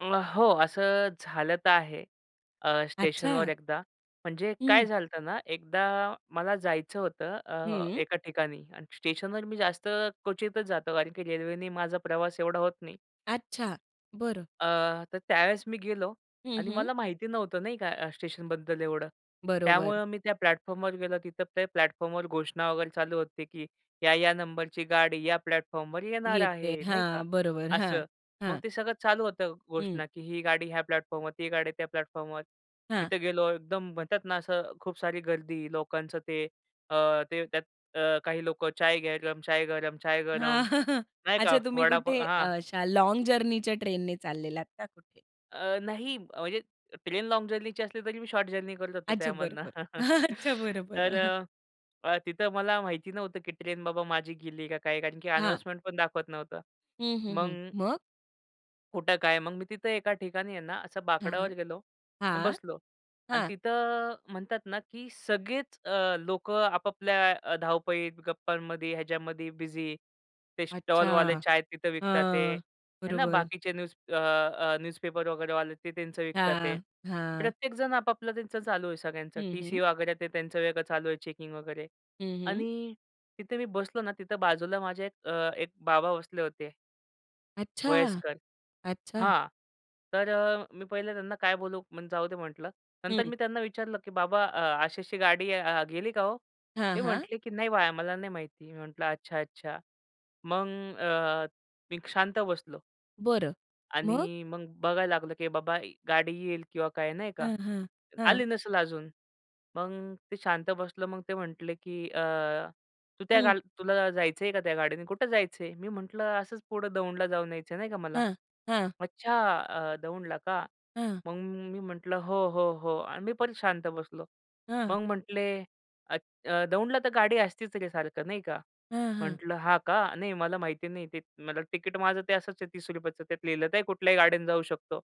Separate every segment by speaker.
Speaker 1: अं, हो, असं झालं तर आहे अ, स्टेशनवर
Speaker 2: अच्छा.
Speaker 1: एकदा. म्हणजे काय
Speaker 2: हं.
Speaker 1: झालं होतं ना, एकदा मला जायचं होतं अ,
Speaker 2: हं.
Speaker 1: एका ठिकाणी आणि स्टेशनवर मी जास्त क्वचितच जातो कारण की रेल्वेने माझा प्रवास एवढा होत नाही.
Speaker 2: अच्छा. बरं.
Speaker 1: अ, तर त्यावेळेस मी गेलो
Speaker 2: हं,
Speaker 1: आणि
Speaker 2: हं.
Speaker 1: मला माहिती नव्हतं नाही का अ, स्टेशनबद्दल एवढं.
Speaker 2: बरोबर.
Speaker 1: त्यामुळं मी त्या प्लॅटफॉर्मवर गेलो, तिथे ते प्लॅटफॉर्मवर घोषणा वगैरे चालू होते, की या, या नंबरची गाडी या प्लॅटफॉर्मवर येणार
Speaker 2: येते.
Speaker 1: आहे, नाही का?
Speaker 2: हां, बरोबर. हां,
Speaker 1: असं. मग
Speaker 2: हां.
Speaker 1: ते सगळं चालू होतं
Speaker 2: हं.
Speaker 1: घोषणा, की ही गाडी ह्या प्लॅटफॉर्मवर, ती गाडी त्या प्लॅटफॉर्मवर.
Speaker 2: हां.
Speaker 1: तिथे गेलो एकदम म्हणतात ना, असं खूप सारी गर्दी लोकांचं ते अ, ते त्यात अ, काही लोकं चाय गरम, चाय गरम, चाय
Speaker 2: हां
Speaker 1: गरम, नाही का?
Speaker 2: अच्छा. तुम्ही
Speaker 1: वडापाव
Speaker 2: कुठे
Speaker 1: हां.
Speaker 2: अशा लाँग जर्नीच्या ट्रेनने चाललेला होतात का कुठे?
Speaker 1: अ, नाही अ, म्हणजे ट्रेन लाँग जर्नीची असली, तरी मी शॉर्ट जर्नी करत असतो
Speaker 2: अच्छा. बरं,
Speaker 1: त्यामधुन.
Speaker 2: बरं. अच्छा. बरं,
Speaker 1: तर
Speaker 2: बरं.
Speaker 1: अ, अ, तिथे मला माहिती नव्हतं, की ट्रेन बाबा माझी गेली का काय? कारण की
Speaker 2: हां.
Speaker 1: अनाउन्समेंटपण दाखवत नव्हतं.
Speaker 2: हं, हं, हं.
Speaker 1: मग
Speaker 2: मग?
Speaker 1: कुठं काय मग मी तिथे एका ठिकाणी आहे ना असं
Speaker 2: हां,
Speaker 1: बाकड्यावर गेलो आणि
Speaker 2: हां,
Speaker 1: बसलो आणि
Speaker 2: हां.
Speaker 1: तिथं अ, म्हणतात ना, की सगळेच अ, लोकं आपापल्या अ, धावपळीत गप्पांमध्ये ह्याच्यामध्ये बिझी. ते स्टॉलवाले
Speaker 2: अच्छा.
Speaker 1: चाय तिथे विकतात आहे,
Speaker 2: हां,
Speaker 1: ना
Speaker 2: बरोबर.
Speaker 1: बाकीचे न्यूज अ, अ, न्यूजपेपर वगैरेवाले ते त्यांचं विकत आहे. ते
Speaker 2: हां, हां.
Speaker 1: प्रत्येकजण आपापलं त्यांचं चालू आहे सगळ्यांचं
Speaker 2: हं,
Speaker 1: टी-सी
Speaker 2: हं.
Speaker 1: वगैरे ते त्यांचं वेगळं चालू आहे चेकिंग वगैरे
Speaker 2: हं, हं.
Speaker 1: आणि तिथे मी बसलो ना तिथे बाजूला माझे एक अ, एक बाबा बसले होते.
Speaker 2: अच्छा,
Speaker 1: वयस्कर,
Speaker 2: अच्छा.
Speaker 1: हां, तर अ, मी पहिले त्यांना काय बोलू, मग जाऊदे म्हटलं. नंतर
Speaker 2: हं.
Speaker 1: मी त्यांना विचारलं की, "बाबा अ, अशी, अशी गाडी अ, गेली का हो?"
Speaker 2: हां,
Speaker 1: ते
Speaker 2: हां.
Speaker 1: म्हटले, "की नाही बाळा मला नाही माहिती." मी म्हटलं "अच्छा, अच्छा." मग अ, मी शांत बसलो.
Speaker 2: बरं. मग?
Speaker 1: आणि मग बघायला लागलो, की बाबा गाडी येईल किंवा काय नाही का?
Speaker 2: हं, हं. हां.
Speaker 1: आली नसेल अजून, मग ते शांत बसलो. मग ते म्हटले की अ, "तू त्या
Speaker 2: हं.
Speaker 1: गाल तुला जायचं आहे का त्या गाडीने कुठं जायचं आहे?" मी म्हटलं, "असंच पुढं दौंडला जाऊन यायचं आहे नाही का मला."
Speaker 2: हां, हां.
Speaker 1: "अच्छा अ, दौंडला का?"
Speaker 2: हां.
Speaker 1: मग मी म्हटलं "हो, हो, हो" आणि मी परत शांत बसलो.
Speaker 2: हां.
Speaker 1: मग म्हटले अ "दौंडला तर गाडी असतीच रे सारखं" नाही का.
Speaker 2: हं, हं.
Speaker 1: म्हटलं "हां का? नाही मला माहिती नाही ते, मला ते तिकीट माझं ते असंच आहे ₹30रुपयाचं त्यात लिहिलं, तर कुठल्याही गाडीन जाऊ शकतो."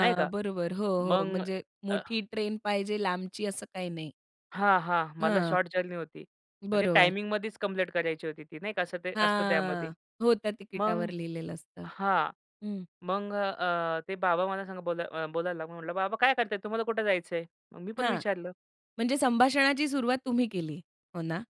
Speaker 1: नाही का.
Speaker 2: बरोबर, हो, हो
Speaker 1: मग
Speaker 2: म्हणजे
Speaker 1: अ
Speaker 2: मोठी ट्रेन पाहिजे लांबची असं काही नाही.
Speaker 1: हां, हां. मला
Speaker 2: हां.
Speaker 1: शॉर्ट जर्नी होती आणि ते
Speaker 2: बरोबर.
Speaker 1: टाईमिंगमध्येच कंप्लीट करायची होती ती नाही का? असं असते त्यामध्ये.
Speaker 2: हा. हो, त्या
Speaker 1: मग
Speaker 2: तिकिटावर लिहिलेलं असतं.
Speaker 1: हां,
Speaker 2: हं.
Speaker 1: मग अ, ते बाबा मला संग बोला बोलायला लागलं. म्हटलं "बाबा काय करताय? तुम्हाला कुठे जायचं आहे?" मग मी पण
Speaker 2: हां,
Speaker 1: विचारलं.
Speaker 2: म्हणजे संभाषणाची सुरुवात तुम्ही केली, हो ना?